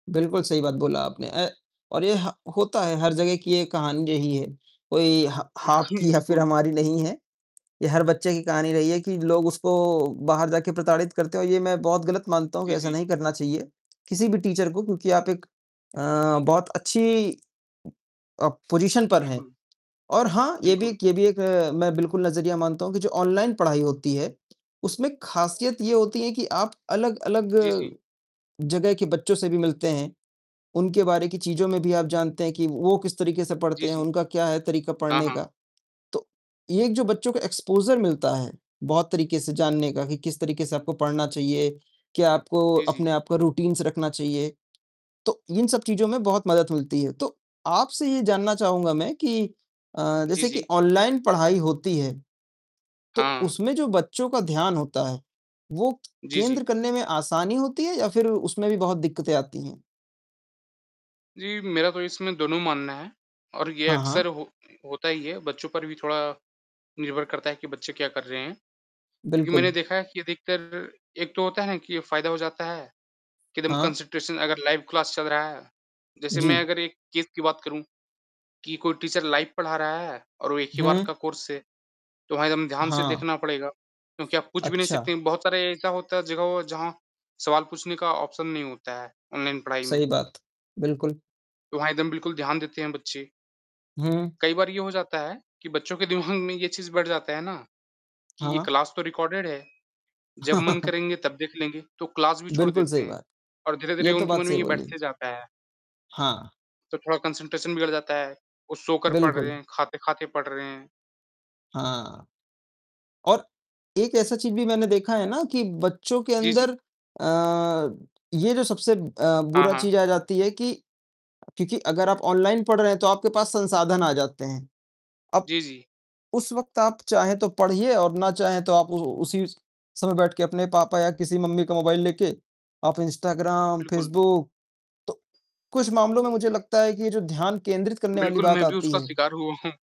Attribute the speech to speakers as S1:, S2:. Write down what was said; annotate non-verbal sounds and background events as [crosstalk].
S1: बिल्कुल, सही बात बोला आपने। अ, और ये ह होता है हर जगह की एक कहानी यही है। कोई हा हा
S2: बिल्कुल,
S1: आपकी या फ़िर
S2: बिल्कुल।
S1: हमारी नहीं है ये हर बच्चे की कहानी रही है कि लोग उसको बाहर जाकर प्रताड़ित करते हैं और ये मैं बहुत गलत मानता हूँ कि
S2: जी,
S1: ऐसा
S2: जी।
S1: नहीं करना चाहिए किसी भी टीचर को। क्योंकि आप एक अ, बहुत अच्छी अ, पोज़ीशन पर हैं।
S2: बिल्कुल।
S1: और हाँ, ये भी
S2: बिल्कुल।
S1: एक ये भी एक अ, मैं बिल्कुल नज़रिया मानता हूँ कि जो ऑनलाइन पढ़ाई होती है, उसमें खासियत ये होती है कि आप अलग-अलग
S2: जी,
S1: अ,
S2: जी।
S1: जगह के बच्चों से भी मिलते हैं। उनके बारे की चीज़ों में भी आप जानते हैं कि वो किस तरीके से
S2: जी,
S1: पढ़ते हैं,
S2: जी।
S1: उनका क्या है तरीका
S2: हाँ,
S1: पढ़ने
S2: हाँ।
S1: का। तो ये जो बच्चों को एक्सपोज़र मिलता है बहुत तरीके से जानने का कि किस तरीके से आपको पढ़ना चाहिए? क्या आपको
S2: जी, जी।
S1: अपने आप का रूटीन्स रखना चाहिए? तो इन सब चीज़ों में बहुत मदद मिलती है। तो आपसे ये जानना चाहूँगा मैं कि अ,
S2: जी,
S1: जैसे कि
S2: जी।
S1: ऑनलाइन पढ़ाई होती है। तो
S2: हाँ।
S1: उसमें जो बच्चों का ध्यान होता है, वो
S2: जी, जी।
S1: केंद्र करने में आसानी होती है या फ़िर उसमें भी बहुत दिक्कतें आती हैं?
S2: जी, मेरा तो इसमें दोनों मानना है और ये
S1: हाँ,
S2: अक्सर
S1: हाँ।
S2: हो होता ही है। बच्चों पर भी थोड़ा निर्भर करता है कि बच्चे क्या कर रहे हैं? क्योंकि मैंने
S1: बिल्कुल।
S2: देखा है कि अधिकतर एक तो होता है कि ये फ़ायदा हो जाता है कि एकदम
S1: हाँ।
S2: कॉन्सन्ट्रेशन अगर लाइव क्लास चल रहा है। जैसे मैं
S1: जी।
S2: अगर एक केस की बात करूँ कि कोई टीचर लाइव पढ़ा रहा है और वो एक ही बार
S1: हुँ।
S2: का कोर्स है। तो वहाँ एकदम ध्यान से
S1: हाँ।
S2: देखना पड़ेगा, क्योंकि आप पूछ भी नहीं
S1: अच्छा।
S2: सकते। बहुत सारे ऐसा होता है जगह जहाँ सवाल पूछने का ऑप्शन नहीं होता है ऑनलाइन पढ़ाई में।
S1: सही बात। बिल्कुल।
S2: तो वहाँ एकदम बिल्कुल ध्यान देते हैं बच्चे।
S1: हुँ।
S2: कई बार ये हो जाता है कि बच्चों के दिमाग में ये चीज़ बैठ जाती है ना कि ये
S1: हाँ।
S2: क्लास तो रिकार्डेड है। जब मन
S1: [chuckles]
S2: करेंगे तब देख लेंगे। तो क्लास भी छोड़
S1: बिल्कुल,
S2: देते
S1: सही
S2: हैं
S1: बात।
S2: और धीरे-धीरे
S1: ये तो
S2: उनके
S1: बात
S2: मन में
S1: सही
S2: ये
S1: बोली।
S2: बैठते जाता है।
S1: हाँ।
S2: तो थोड़ा कॉन्सन्ट्रेशन बिगड़ जाता है। वो सोकर पढ़ रहे
S1: बिल्कुल।
S2: हैं, खाते-खाते पढ़ रहे हैं।
S1: हाँ। और एक ऐसा चीज़ भी मैंने देखा है ना कि बच्चों के
S2: जी,
S1: अंदर
S2: जी।
S1: अ, ये जो सबसे अ,
S2: हाँ,
S1: बुरा
S2: हाँ।
S1: चीज़ आ जाती है कि क्योंकि अगर आप ऑनलाइन पढ़ रहे हैं तो आपके पास संसाधन आ जाते हैं। अब
S2: जी, जी।
S1: उस वक़्त आप चाहे तो पढ़िए और ना चाहे तो आप उ उसी समय बैठ के अपने पापा या किसी मम्मी का मोबाइल लेके, आप इंस्टाग्राम,
S2: बिल्कुल।
S1: फ़ेसबुक तो कुछ मामलों में मुझे लगता है कि जो ध्यान केंद्रित करने वाली
S2: बिल्कुल,
S1: बात
S2: मैं भी
S1: आती
S2: उसका
S1: है
S2: शिकार हुआ हूँ।